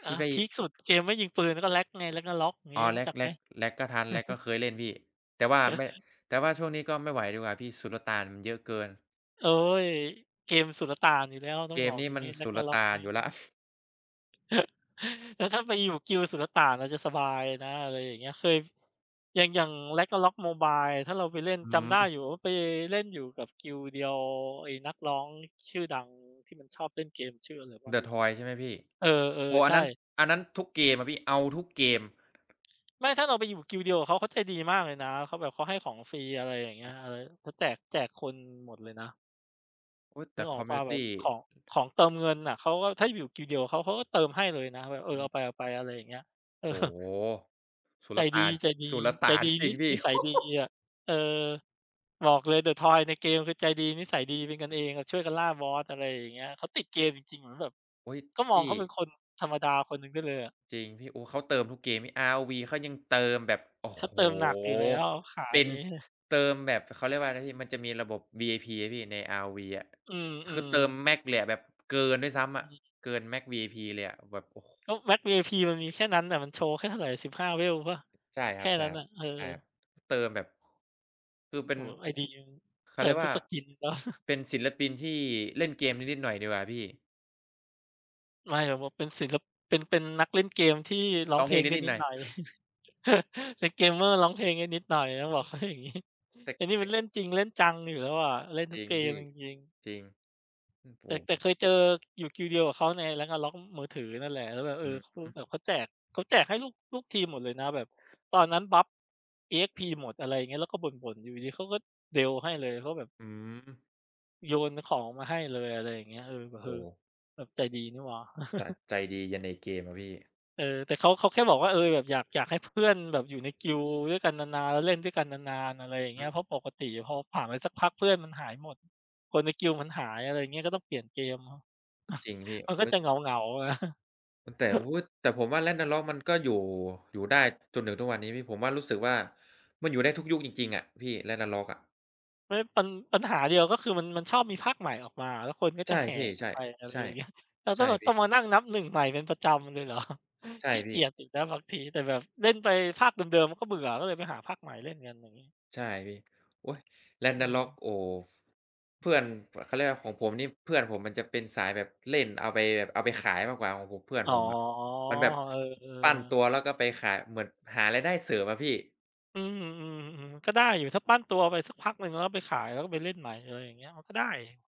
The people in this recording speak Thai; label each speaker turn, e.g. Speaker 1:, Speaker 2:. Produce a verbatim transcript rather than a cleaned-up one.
Speaker 1: อ
Speaker 2: ท
Speaker 1: ่า
Speaker 2: ี่ไป
Speaker 1: พีกสุด เกมไม่ยิงปืน ก็ Rag ไง Ragnarok อย่างง
Speaker 2: อ
Speaker 1: ี
Speaker 2: ๋
Speaker 1: ้
Speaker 2: อ
Speaker 1: รู้จั
Speaker 2: Rag
Speaker 1: กไหม?
Speaker 2: Rag Rag ก็ทัน Rag ก็เคยเล่นพี่ แต่ว่าไม่ แต่ว่าซ่วง นี้ก็ไม่ไหวดีกว่าพี่ สุลต่านมันเยอะเกิน
Speaker 1: โอ๊ย เกมสุลต่านอยู่แล้ว ต้
Speaker 2: เก
Speaker 1: องบ
Speaker 2: ม
Speaker 1: อก
Speaker 2: นี้
Speaker 1: อย่า
Speaker 2: ม
Speaker 1: ง
Speaker 2: ัน
Speaker 1: งี้
Speaker 2: สุลต
Speaker 1: Ragnarok
Speaker 2: ่า
Speaker 1: น
Speaker 2: น
Speaker 1: ี
Speaker 2: อยู่แล
Speaker 1: ่
Speaker 2: ้ว
Speaker 1: แล้วถ้าไปอยู่ guild สุลต่านมันจะสบายนะ อะไรอย่างเงี้ย เคย อย่าง อย่าง Ragnarok Mobile ถ้าเราไปเล่น
Speaker 2: อื
Speaker 1: จำไ
Speaker 2: ม
Speaker 1: ด้อยู่ว่าไปเล่นอยู่กับ guild เดียว ไอ้นักร้องชื่อดังที่มันชอบเล่นเกม ชื่ออะไรวะล
Speaker 2: THE
Speaker 1: ืมแล้ว
Speaker 2: TOYS ใช่ไหมพี่?
Speaker 1: เอ
Speaker 2: โ
Speaker 1: อ
Speaker 2: อ้โฮ
Speaker 1: ๆ
Speaker 2: อ
Speaker 1: ใ
Speaker 2: ั
Speaker 1: ช
Speaker 2: นนั้น
Speaker 1: ่
Speaker 2: อันนั้นทุกเกมอะพี่ เอาทุกเกม
Speaker 1: ไม่ ถ้าเราไปอยู่ guild เดียวกับเขา เขาใจดีมากเลยนะ เขาแบบเขาให้ของฟรี อะไรอย่างเงี้
Speaker 2: อ
Speaker 1: ย
Speaker 2: ืม
Speaker 1: เออ เขาแจก แจกคนหมดเลยนะ
Speaker 2: โอ๊ย แ
Speaker 1: น
Speaker 2: ต
Speaker 1: ึ
Speaker 2: ่
Speaker 1: กอ
Speaker 2: ค
Speaker 1: อ
Speaker 2: อ
Speaker 1: ก
Speaker 2: มม
Speaker 1: เป
Speaker 2: ิ
Speaker 1: ล
Speaker 2: ว
Speaker 1: ่
Speaker 2: น
Speaker 1: า
Speaker 2: ิ
Speaker 1: แบ
Speaker 2: ต
Speaker 1: บ
Speaker 2: ี
Speaker 1: ของ ของเติมเงินน่ะ เขาก็ ถ้าอยู่ Guild เดียวกับเขา เขาก็เติมให้เลยนะแบบ เอ
Speaker 2: อ
Speaker 1: อ
Speaker 2: ื
Speaker 1: เอ
Speaker 2: ม
Speaker 1: าไป ๆ อะไรอย่างเงี้ย เออ
Speaker 2: โอ้โฮ สุ
Speaker 1: ใจ
Speaker 2: ลต
Speaker 1: ดี
Speaker 2: ่าน
Speaker 1: ๆ ใ
Speaker 2: สุลต
Speaker 1: จ
Speaker 2: ่าน
Speaker 1: ดี
Speaker 2: จ
Speaker 1: น
Speaker 2: ร
Speaker 1: ิ
Speaker 2: ิงพี่
Speaker 1: นิสัยดีอะ เออ บอกเลย THE TOYS ในเกม คือใจดี นิสัยดี เป็นกั
Speaker 2: อ
Speaker 1: น
Speaker 2: ื
Speaker 1: เ
Speaker 2: ม
Speaker 1: อง แบบช่วยกันล่าบอส อะไรอย่างเงี้ย เขาติดเกมจริง ๆ เหมือนแบบ
Speaker 2: โอ๊ย
Speaker 1: ก็
Speaker 2: พ
Speaker 1: มอ
Speaker 2: ี
Speaker 1: งเ
Speaker 2: ่
Speaker 1: ขาเป็นคนธรรมดาคนหนึ่งได้เลยอะ
Speaker 2: จริงพี่ โอ้ เขาเติมทุกเกม อาร์-โอ-วี เขายังเติมแบบ โอ้
Speaker 1: เข
Speaker 2: โ
Speaker 1: า
Speaker 2: ฮ!
Speaker 1: เติมหนักอยู่แล้ว ขา
Speaker 2: เป็
Speaker 1: น
Speaker 2: น
Speaker 1: ี้
Speaker 2: เติมแบบ เขาเรียกว่าอะไรนะพี่ มันจะมีระบบ วี-ไอ-พี นะพี่ ใน อาร์-โอ-พี อะ
Speaker 1: อื
Speaker 2: คือ
Speaker 1: ม
Speaker 2: เติม
Speaker 1: ๆ
Speaker 2: max เลย แบบเกินด้วยซ้ำอ
Speaker 1: อื
Speaker 2: ะ
Speaker 1: ม
Speaker 2: เกิน max วี-ไอ-พี เลยอะ แบบ โอ้ ค
Speaker 1: ก็ max วี-ไอ-พี มันมีแค่นั้นอะ มันโชว์แค่เท่าไหร่ สิบห้า เวลเปล่า
Speaker 2: ใช่
Speaker 1: แ
Speaker 2: ค
Speaker 1: ค
Speaker 2: รั
Speaker 1: ่
Speaker 2: บ ๆ ใช
Speaker 1: น
Speaker 2: ่
Speaker 1: ั้นอะ เอ
Speaker 2: ครับ
Speaker 1: อ
Speaker 2: เติมแบบ คือเป็
Speaker 1: โอ้
Speaker 2: น
Speaker 1: โฮ ไอ-ดี หนึ่ง
Speaker 2: เข
Speaker 1: เต
Speaker 2: า
Speaker 1: ิ
Speaker 2: เรี
Speaker 1: ม
Speaker 2: ยก
Speaker 1: ท
Speaker 2: ว
Speaker 1: ุ
Speaker 2: ่
Speaker 1: ก
Speaker 2: า
Speaker 1: skins เนาะ
Speaker 2: เป็นศิลปินที่เล่นเกมได้นิดหน่อยดีกว่าพี่
Speaker 1: ไม่ แล้วบอกเป็นศิล เป็น เป็นนักเล่นเกมที่ร้อ
Speaker 2: ร้
Speaker 1: ง
Speaker 2: อง
Speaker 1: เ
Speaker 2: เ
Speaker 1: พ
Speaker 2: พล
Speaker 1: ล
Speaker 2: ง
Speaker 1: ง
Speaker 2: ได้
Speaker 1: ได้
Speaker 2: นิด
Speaker 1: นิ
Speaker 2: หน
Speaker 1: ด
Speaker 2: ่อย
Speaker 1: หน่อย เป็น gamer ร้องเพลงได้นิดหน่อย ต้องบ
Speaker 2: โอ
Speaker 1: อ
Speaker 2: ๊
Speaker 1: กเ
Speaker 2: ย
Speaker 1: ขา อย่างงี้
Speaker 2: แต่
Speaker 1: ไอ้นี่
Speaker 2: แต
Speaker 1: มัน
Speaker 2: ่
Speaker 1: เล่นจริงเล่นจังอยู่แล้วอะ เล่น
Speaker 2: จ
Speaker 1: ทุ
Speaker 2: ร
Speaker 1: ก
Speaker 2: ิง
Speaker 1: เก
Speaker 2: พ
Speaker 1: ม
Speaker 2: ี่
Speaker 1: จริง ๆ
Speaker 2: จริง อืม โอ
Speaker 1: แต
Speaker 2: ้
Speaker 1: ่ แต
Speaker 2: ผ
Speaker 1: ่
Speaker 2: ม
Speaker 1: เคยเจออยู่ guild เดียวกับเขาใน Ragnarok มือถือนั่นแหละ แล้วแบบ เอ
Speaker 2: อื
Speaker 1: อ
Speaker 2: อฮึ
Speaker 1: แบบเขาแจก เขาแจกให้ลูก ลูกทีมหมดเลยนะ แบบตอนนั้นบัฟ อี-เอ็กซ์-พี หมด อะไรอย่างเงี้ย แล้วก็บ่น ๆ อยู่ดี ๆ เขาเดล ให้เลย เขาก็แบบ
Speaker 2: อืม
Speaker 1: โยนของมาให้เลย อะไรอย่างเงี้ย เออ แบบ
Speaker 2: โอ
Speaker 1: เอ
Speaker 2: ้
Speaker 1: อ
Speaker 2: โฮ
Speaker 1: แบบใจดีนี่หว่า
Speaker 2: จ ใจดียันในเกมอะพี่
Speaker 1: เออ แต่เขา เขาแค่บอกว่า เออ แบบอยาก อยากให้เพื่อนแบบอยู่ใน guild ด้วยกันนาน ๆ เล่นด้วยกันนาน ๆ อะไรอย่าง
Speaker 2: อ
Speaker 1: เงี
Speaker 2: ื
Speaker 1: ้ย
Speaker 2: ม
Speaker 1: เพราะปกติพอผ่านไปสักพักเพื่อนมันหายหมด คนใน guild มันหาย อะไรเงี้ย ก็ต้องเปลี่ยนเกม
Speaker 2: ก็จริงพี่
Speaker 1: มัน
Speaker 2: เห
Speaker 1: ก
Speaker 2: ม
Speaker 1: ็
Speaker 2: ือ
Speaker 1: จ
Speaker 2: น
Speaker 1: ะเหงา ๆ นะ
Speaker 2: ตั้งแต่ว่า อุ๊ย แต่ผมว่า Ragnarok มันก็อยู่ อยู่ได้จนถึงทุกวันนี้พี่ ผมว่ารู้สึกว่า มันอยู่ได้ทุกยุคจริง ๆ อะพี่ Ragnarok อะ
Speaker 1: ไม่ ปัญ ปัญหาเดียว ก็คือมัน มันชอบมีภาคใหม่ออกมา แล้วคนก็
Speaker 2: ใช
Speaker 1: จ
Speaker 2: ่
Speaker 1: ะแห
Speaker 2: พ
Speaker 1: ่
Speaker 2: ี่
Speaker 1: กั
Speaker 2: ใช
Speaker 1: น
Speaker 2: ่
Speaker 1: ไป อะไร
Speaker 2: ใช่
Speaker 1: อย่างเงี้ย เรา
Speaker 2: ใ
Speaker 1: ก
Speaker 2: ช
Speaker 1: ็
Speaker 2: ่
Speaker 1: เลย
Speaker 2: พี
Speaker 1: ต้องม
Speaker 2: ่
Speaker 1: านั่งนับ หนึ่ง ใหม่เป็นประจำเลย เหรอ
Speaker 2: ใช่
Speaker 1: ขี้
Speaker 2: พ
Speaker 1: เก
Speaker 2: ี่
Speaker 1: ียจอีกนะบางที แต่แบบเล่นไปภาคเดิม ๆ มันก็เบื่อ ก็เลยไปหาภาคใหม่เล่นกัน อย่างงี้
Speaker 2: ใช่พี่ โอ๊ย
Speaker 1: เ
Speaker 2: Ragnarok
Speaker 1: ออ
Speaker 2: โอ้โฮ เพื่อน เขาเรียกว่าไร ของผมนี่เพื่อนผมมันจะเป็นสายแบบเล่นเอาไป แบบเอาไปขายมากกว่า ของผม เพื่อน
Speaker 1: อ๋อ
Speaker 2: ผมอะ มันแบบ
Speaker 1: เออ
Speaker 2: ปั้นต
Speaker 1: ๆ
Speaker 2: ัว แล้วก็ไปขาย เหมือนหารายได้เสริมอะพี่
Speaker 1: อืม ๆ ๆ ก็ได้อยู่ ถ้าปั้นตัวไปสักพักหนึ่ง แล้วไปขาย แล้วก็ไปเล่นใหม่ อะไรอย่างเงี้ย ก็ได้